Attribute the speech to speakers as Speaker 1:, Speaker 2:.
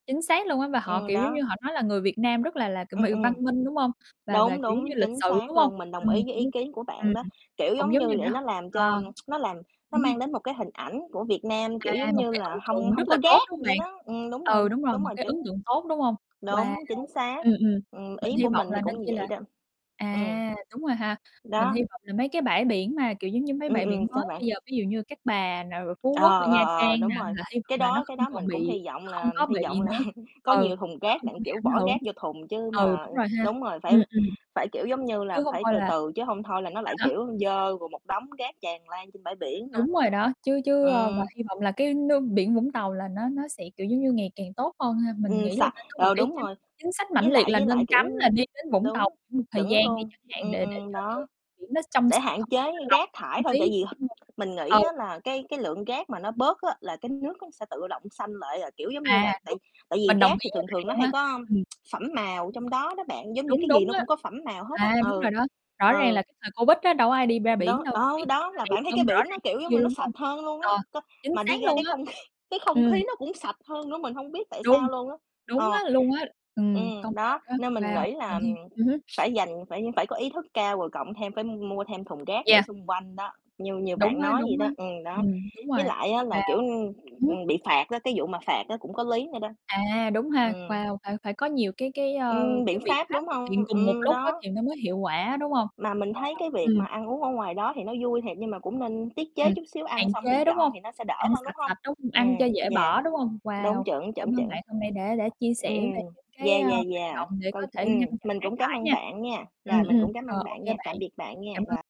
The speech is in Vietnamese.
Speaker 1: Chính xác luôn á và họ,
Speaker 2: Ừm,
Speaker 1: kiểu, giống như,
Speaker 2: đó.
Speaker 1: họ nói là người Việt Nam rất là là, kiểu
Speaker 2: Ừm,
Speaker 1: [unintelligible] văn
Speaker 2: ừm.
Speaker 1: minh, đúng hông? Và và,
Speaker 2: Đúng,
Speaker 1: kiểu, giống như,
Speaker 2: đúng,
Speaker 1: lịch
Speaker 2: chính
Speaker 1: sự, đúng
Speaker 2: xác
Speaker 1: hông?
Speaker 2: luôn, mình đồng
Speaker 1: Ừm,
Speaker 2: ý với
Speaker 1: cũng
Speaker 2: ý
Speaker 1: đúng.
Speaker 2: kiến của bạn
Speaker 1: Ừm.
Speaker 2: đó. Kiểu
Speaker 1: Cũng
Speaker 2: giống
Speaker 1: giống
Speaker 2: như
Speaker 1: như để
Speaker 2: để
Speaker 1: h
Speaker 2: nó làm cho
Speaker 1: ờ.
Speaker 2: nó làm nó
Speaker 1: Ừm.
Speaker 2: mang đến một cái hình ảnh của Việt Nam, kiểu,
Speaker 1: À,
Speaker 2: giống
Speaker 1: một
Speaker 2: như
Speaker 1: cái
Speaker 2: là,
Speaker 1: ấn
Speaker 2: hông
Speaker 1: tượng
Speaker 2: hông
Speaker 1: rất là
Speaker 2: có
Speaker 1: tốt,
Speaker 2: rác
Speaker 1: đúng hông
Speaker 2: vậy
Speaker 1: bạn?
Speaker 2: đó, ừm, đúng rồi,
Speaker 1: Ừ, đúng rồi,
Speaker 2: đúng
Speaker 1: một
Speaker 2: rồi
Speaker 1: cái ấn
Speaker 2: chứng
Speaker 1: tượng tốt, đúng hông? Wow.
Speaker 2: Đúng, chính xác.
Speaker 1: Ừm, ừm.
Speaker 2: Ừm,
Speaker 1: Mình
Speaker 2: ý
Speaker 1: hy
Speaker 2: của mình
Speaker 1: vọng
Speaker 2: thì
Speaker 1: là nên
Speaker 2: cũng như
Speaker 1: chi
Speaker 2: vậy
Speaker 1: là
Speaker 2: đó. Ừm.
Speaker 1: à, đúng rồi ha, mình
Speaker 2: Đó.
Speaker 1: hy vọng là mấy cái bãi biển mà, kiểu giống như, mấy
Speaker 2: Ừm,
Speaker 1: bãi
Speaker 2: ừm,
Speaker 1: biển mới
Speaker 2: sao bạn?
Speaker 1: bây giờ, ví dụ như Cát Bà nè, rồi Phú
Speaker 2: Ờ,
Speaker 1: Quốc, rồi
Speaker 2: ờ,
Speaker 1: Nha
Speaker 2: ờ,
Speaker 1: Trang nè
Speaker 2: đúng rồi.
Speaker 1: là hy vọng
Speaker 2: Cái
Speaker 1: là nó
Speaker 2: đó cái
Speaker 1: không
Speaker 2: đó
Speaker 1: còn
Speaker 2: mình cũng
Speaker 1: bị
Speaker 2: hy vọng
Speaker 1: không
Speaker 2: là
Speaker 1: có
Speaker 2: hy
Speaker 1: bị
Speaker 2: vọng là
Speaker 1: nữa.
Speaker 2: có
Speaker 1: Ừ.
Speaker 2: nhiều thùng
Speaker 1: Nó
Speaker 2: rác
Speaker 1: không có
Speaker 2: đặng,
Speaker 1: bị
Speaker 2: kiểu,
Speaker 1: ảnh
Speaker 2: bỏ
Speaker 1: hưởng.
Speaker 2: gác vô thùng, chứ
Speaker 1: Ừ,
Speaker 2: mà
Speaker 1: đúng rồi ha.
Speaker 2: đúng rồi, phải
Speaker 1: Ừm, ừm.
Speaker 2: phải, kiểu, giống như là,
Speaker 1: Chứ hông
Speaker 2: phải
Speaker 1: thôi
Speaker 2: từ
Speaker 1: là
Speaker 2: từ, chứ hông thôi là nó
Speaker 1: À
Speaker 2: lại,
Speaker 1: há.
Speaker 2: kiểu, dơ, rồi một đống rác tràn lan trên bãi biển nữa.
Speaker 1: Đúng rồi đó, chứ chứ ơ, và
Speaker 2: Ừm.
Speaker 1: hy vọng là cái nước biển Vũng Tàu là nó nó sẽ, kiểu, giống như, ngày càng tốt hơn ha. Mình
Speaker 2: Ừm,
Speaker 1: nghĩ là
Speaker 2: sạch.
Speaker 1: nên có một
Speaker 2: Ờ,
Speaker 1: cái
Speaker 2: đúng
Speaker 1: chính
Speaker 2: rồi.
Speaker 1: chính sách mãnh
Speaker 2: Với
Speaker 1: liệt
Speaker 2: lại
Speaker 1: là
Speaker 2: với lại,
Speaker 1: nên
Speaker 2: kiểu,
Speaker 1: cắm là
Speaker 2: ưm
Speaker 1: đi đến Vũng
Speaker 2: đúng.
Speaker 1: Tàu khoảng một thời
Speaker 2: Chuẩn
Speaker 1: gian đi
Speaker 2: luôn.
Speaker 1: chẳng hạn
Speaker 2: Ừm,
Speaker 1: để để
Speaker 2: ừm,
Speaker 1: cho cái
Speaker 2: đó.
Speaker 1: biển nó trong
Speaker 2: Để
Speaker 1: sạch
Speaker 2: hạn
Speaker 1: hơn để
Speaker 2: chế
Speaker 1: nó lọc
Speaker 2: rác
Speaker 1: cái
Speaker 2: thải
Speaker 1: không
Speaker 2: thôi,
Speaker 1: khí
Speaker 2: tại vì
Speaker 1: đi đúng hông?
Speaker 2: mình nghĩ
Speaker 1: Ừ.
Speaker 2: á là cái cái lượng gác mà nó bớt á là cái nước nó sẽ tự động xanh lại à, kiểu, giống như
Speaker 1: À,
Speaker 2: là, tại
Speaker 1: đúng.
Speaker 2: tại vì
Speaker 1: Mình đồng
Speaker 2: rác
Speaker 1: ý
Speaker 2: thì
Speaker 1: với
Speaker 2: thường
Speaker 1: bạn
Speaker 2: thường nó
Speaker 1: luôn
Speaker 2: hay
Speaker 1: á.
Speaker 2: có
Speaker 1: Ừm.
Speaker 2: phẩm màu trong đó đó bạn, giống như
Speaker 1: Đúng,
Speaker 2: cái gì
Speaker 1: đúng
Speaker 2: nó
Speaker 1: á.
Speaker 2: cũng có phẩm mào hết á.
Speaker 1: À, đúng rồi
Speaker 2: Ừ.
Speaker 1: đó. Rõ ràng
Speaker 2: ừ.
Speaker 1: là cái thời Covid á đâu có ai đi ra biển
Speaker 2: Đó,
Speaker 1: đâu,
Speaker 2: ờ,
Speaker 1: biển
Speaker 2: đó,
Speaker 1: nó
Speaker 2: là
Speaker 1: đẹp
Speaker 2: bạn thấy cái
Speaker 1: hơn rõ
Speaker 2: biển
Speaker 1: ràng
Speaker 2: nó,
Speaker 1: rất
Speaker 2: kiểu, giống
Speaker 1: nhiều
Speaker 2: như,
Speaker 1: luôn,
Speaker 2: nó
Speaker 1: đúng
Speaker 2: sạch
Speaker 1: hông?
Speaker 2: hơn luôn á,
Speaker 1: Ờ.
Speaker 2: c
Speaker 1: Chính
Speaker 2: mà
Speaker 1: xác
Speaker 2: đi ra
Speaker 1: luôn
Speaker 2: cái
Speaker 1: á.
Speaker 2: không kh cái không
Speaker 1: Ừm.
Speaker 2: khí nó cũng sạch hơn nữa, mình hông biết tại
Speaker 1: Đung.
Speaker 2: sao luôn á.
Speaker 1: Đúng
Speaker 2: Ờ.
Speaker 1: á luôn á. Ừm. Công
Speaker 2: Ừm,
Speaker 1: nhận
Speaker 2: đó,
Speaker 1: á.
Speaker 2: nên mình
Speaker 1: Wow.
Speaker 2: nghĩ
Speaker 1: Mà
Speaker 2: là, ừm,
Speaker 1: đi ừm hứm.
Speaker 2: phải dành phải phải có ý thức cao rồi cộng thêm phải m mua thêm thùng rác để
Speaker 1: Yeah.
Speaker 2: xung quanh đó, như như
Speaker 1: Đúng
Speaker 2: bạn
Speaker 1: á,
Speaker 2: nói vậy
Speaker 1: đúng á.
Speaker 2: đó. Ừm, đó.
Speaker 1: Ừm, đúng
Speaker 2: Với
Speaker 1: rồi.
Speaker 2: lại á là, kiểu,
Speaker 1: Wow.
Speaker 2: ưm,
Speaker 1: Ừm.
Speaker 2: ừm, bị phạt á, cái vụ mà phạt á cũng có lý nữa đó.
Speaker 1: À, đúng ha.
Speaker 2: Ừm.
Speaker 1: Wow, phải phải có nhiều cái cái, ơ,
Speaker 2: Ừm,
Speaker 1: cái
Speaker 2: biện
Speaker 1: biện
Speaker 2: pháp,
Speaker 1: pháp
Speaker 2: đúng
Speaker 1: thực hiện
Speaker 2: hông?
Speaker 1: cùng một
Speaker 2: Ừm,
Speaker 1: lúc á
Speaker 2: đó.
Speaker 1: thì nó mới hiệu quả, đúng hông?
Speaker 2: Mà mình
Speaker 1: Wow,
Speaker 2: thấy cái việc
Speaker 1: ừm.
Speaker 2: mà ăn uống ở ngoài đó thì nó vui thiệt, nhưng mà cũng nên tiết chế
Speaker 1: Ừm.
Speaker 2: chút xíu,
Speaker 1: Hạn
Speaker 2: ăn xong thì
Speaker 1: chế, đúng
Speaker 2: dọn
Speaker 1: hông?
Speaker 2: thì nó sẽ đỡ
Speaker 1: Ăn
Speaker 2: hơn,
Speaker 1: sạch
Speaker 2: đúng hông?
Speaker 1: sạch, đúng ăn cho
Speaker 2: Ừm,
Speaker 1: dễ
Speaker 2: yeah.
Speaker 1: bỏ, đúng không?
Speaker 2: Đúng,
Speaker 1: Wow.
Speaker 2: chuẩn,
Speaker 1: Cảm
Speaker 2: chuẩn,
Speaker 1: ơn
Speaker 2: chuẩn.
Speaker 1: bạn hôm nay đã đã chia sẻ về
Speaker 2: Ừm.
Speaker 1: những cái,
Speaker 2: Yeah,
Speaker 1: ơ,
Speaker 2: yeah,
Speaker 1: hoạt
Speaker 2: yeah.
Speaker 1: động để
Speaker 2: Coi
Speaker 1: có
Speaker 2: ừm,
Speaker 1: thể ngăn chặn
Speaker 2: mình
Speaker 1: rác
Speaker 2: cũng cám
Speaker 1: thải
Speaker 2: ơn
Speaker 1: nha.
Speaker 2: bạn nha,
Speaker 1: Ừm,
Speaker 2: rồi, mình
Speaker 1: ừm.
Speaker 2: cũng cám
Speaker 1: Ờ,
Speaker 2: ơn
Speaker 1: ô
Speaker 2: bạn
Speaker 1: kê
Speaker 2: nha,
Speaker 1: bạn.
Speaker 2: tạm biệt bạn nha,
Speaker 1: Cảm
Speaker 2: rồi.
Speaker 1: ơn.